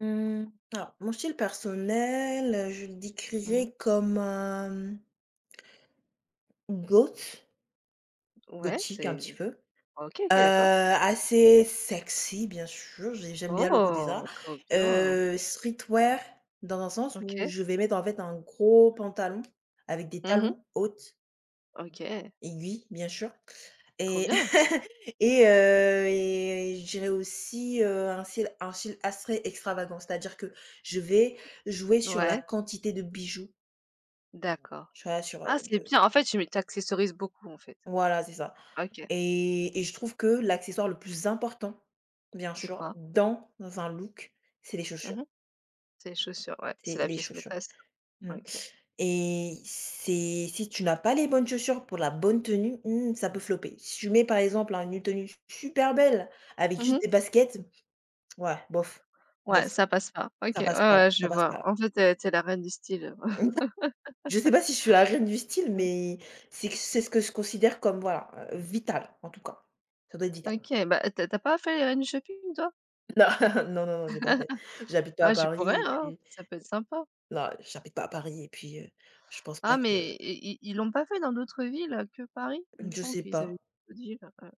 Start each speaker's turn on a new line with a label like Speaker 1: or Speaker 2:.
Speaker 1: Mmh. Alors, mon style personnel, je le
Speaker 2: Mmh mh.
Speaker 1: décrirais comme, un, mmh goth
Speaker 2: Ouais,
Speaker 1: gothique un
Speaker 2: c'est,
Speaker 1: petit
Speaker 2: heu,
Speaker 1: peu, heu,
Speaker 2: OK, OK, d'accord.
Speaker 1: assez sexy, bien sûr, j'ai j'aime bien le coté, ça,
Speaker 2: Oh! Trop bien!
Speaker 1: heu streetwear, dans un sens où
Speaker 2: OK.
Speaker 1: je vais mettre, en fait, un gros pantalon avec des
Speaker 2: Mmh mh.
Speaker 1: talons hautes
Speaker 2: OK.
Speaker 1: aiguilles bien sûr
Speaker 2: Trop
Speaker 1: et
Speaker 2: bien!
Speaker 1: et heu, et, je dirais aussi, heu, un style, un style assez extravagant, c'est-à-dire que je vais jouer sur la
Speaker 2: Ouais!
Speaker 1: quantité de bijoux
Speaker 2: D'accord.
Speaker 1: tu vois? Sur, heu,
Speaker 2: Ah c'est
Speaker 1: le
Speaker 2: bien, en fait, tu mets, tu accessoirises beaucoup, en fait.
Speaker 1: Voilà, c'est ça.
Speaker 2: OK.
Speaker 1: Et et je trouve que l'accessoire le plus important, bien
Speaker 2: C'est
Speaker 1: sûr,
Speaker 2: quoi?
Speaker 1: dans un look, c'est les
Speaker 2: Mmh
Speaker 1: chaussures
Speaker 2: mh. C'est les chaussures, ouais,
Speaker 1: c'est
Speaker 2: c'est la
Speaker 1: les
Speaker 2: pièce
Speaker 1: chaussures.
Speaker 2: maîtresse.
Speaker 1: Mmh.
Speaker 2: OK.
Speaker 1: Et c'est si tu n'as pas les bonnes chaussures pour la bonne tenue, mmh, ça peut flopper. Si tu mets, par exemple, un une tenue s super belle avec
Speaker 2: Mmh
Speaker 1: juste
Speaker 2: mh.
Speaker 1: des baskets, ouais, bof,
Speaker 2: Ouais
Speaker 1: bof,
Speaker 2: ça passe pas. OK,
Speaker 1: ça
Speaker 2: ouais,
Speaker 1: passe pas là,
Speaker 2: ouais,
Speaker 1: ça
Speaker 2: je
Speaker 1: passe
Speaker 2: vois.
Speaker 1: pas là.
Speaker 2: En fait, tu es tu es la reine du style.
Speaker 1: Je sais pas si je suis la reine du style,
Speaker 2: Mmh.
Speaker 1: mais c'est que c'est ce que ce considère comme, voilà, heu, vital en tout cas, ça doit être vital.
Speaker 2: OK, bah, heu, tu as tu as pas fait les reines du shopping, toi?
Speaker 1: Non, non, non, non, j'ai pas fait. J'habite pas à
Speaker 2: Ah tu pourrais,
Speaker 1: Paris et
Speaker 2: hein,
Speaker 1: puis
Speaker 2: ça peut être sympa.
Speaker 1: non, heu, j'habite pas à Paris et puis, heu, je pense pas
Speaker 2: Ah mais,
Speaker 1: que
Speaker 2: et ils ils l'ont pas fait dans d'autres villes, heu, que Paris? Il
Speaker 1: Mmh,
Speaker 2: me
Speaker 1: je
Speaker 2: semble
Speaker 1: sais
Speaker 2: qu'ils avaient fait
Speaker 1: pas.
Speaker 2: d'autres villes, heu.